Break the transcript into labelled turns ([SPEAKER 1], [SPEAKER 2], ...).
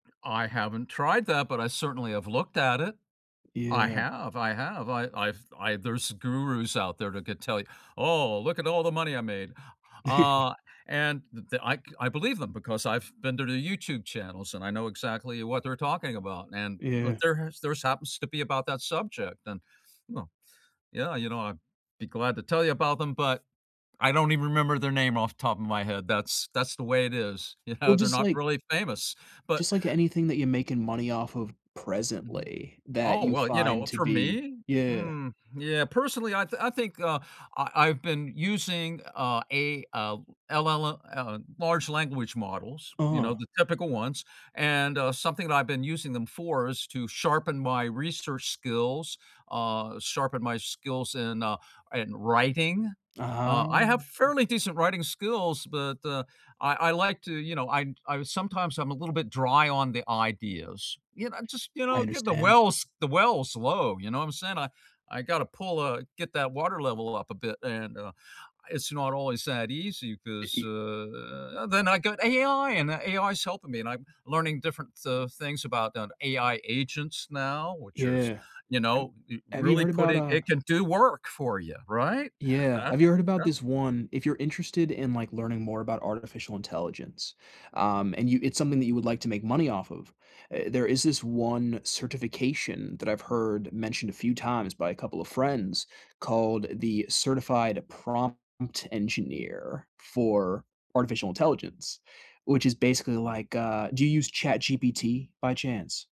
[SPEAKER 1] I haven't tried that, but I certainly have looked at it. I
[SPEAKER 2] Yeah.
[SPEAKER 1] have, I have, I I've I there's gurus out there that could tell you, "Oh, look at all the money I made," uh, and th I c I believe them, because I've been to their YouTube channels, and I know exactly what they're talking about, and
[SPEAKER 2] Yeah.
[SPEAKER 1] there has theirs happens to be about that subject, and, well, yeah, you know, I'd be glad to tell you about them, but, I don't even remember their name off the top of my head, that's that's the way it is,
[SPEAKER 2] Well,
[SPEAKER 1] yeah, they're
[SPEAKER 2] just
[SPEAKER 1] not
[SPEAKER 2] like
[SPEAKER 1] really famous, but
[SPEAKER 2] just like anything that you're making money off of
[SPEAKER 1] Mhm.
[SPEAKER 2] presently that
[SPEAKER 1] Oh,
[SPEAKER 2] you
[SPEAKER 1] well, you
[SPEAKER 2] find
[SPEAKER 1] know,
[SPEAKER 2] to
[SPEAKER 1] for
[SPEAKER 2] be
[SPEAKER 1] me,
[SPEAKER 2] Yeah.
[SPEAKER 1] mm, yeah, personally, I thin I think, uh, I I've been using a a, uh, LLL uh, large language models, you know,
[SPEAKER 2] Uh-huh.
[SPEAKER 1] the typical ones, and, uh, something that I've been using them for is to sharpen my research skills uh, sharpen my skills in, uh in writing uh,
[SPEAKER 2] Aha.
[SPEAKER 1] I have fairly decent writing skills, but I I like to, you know, I I sometimes I'm a little bit dry on the ideas, you know just, you
[SPEAKER 2] I
[SPEAKER 1] know, get the
[SPEAKER 2] understand.
[SPEAKER 1] wells the wells low, you know what I'm saying, I got to pull, uh get that water level up a bit, and, uh, it's not always that easy
[SPEAKER 2] E
[SPEAKER 1] 'cause,
[SPEAKER 2] e
[SPEAKER 1] uh, then I got AI and that AI's helping me, and I'm learning different, uh, things about AI agents now, which are,
[SPEAKER 2] Yeah.
[SPEAKER 1] you
[SPEAKER 2] Em
[SPEAKER 1] know,
[SPEAKER 2] have you
[SPEAKER 1] really
[SPEAKER 2] heard about
[SPEAKER 1] putting
[SPEAKER 2] a
[SPEAKER 1] it can do work for you, right, and
[SPEAKER 2] Yeah, have you
[SPEAKER 1] that's
[SPEAKER 2] heard about this
[SPEAKER 1] that's som
[SPEAKER 2] 1 if you're interested in, like, learning more about artificial intelligence, um, and you it's something that you would like to make money off of, eh, there is this one certification that I've heard mentioned a few times by a couple of friends, called the certified prompt engineer for artificial intelligence, which is basically like, uh Do you use ChatGPT, by chance?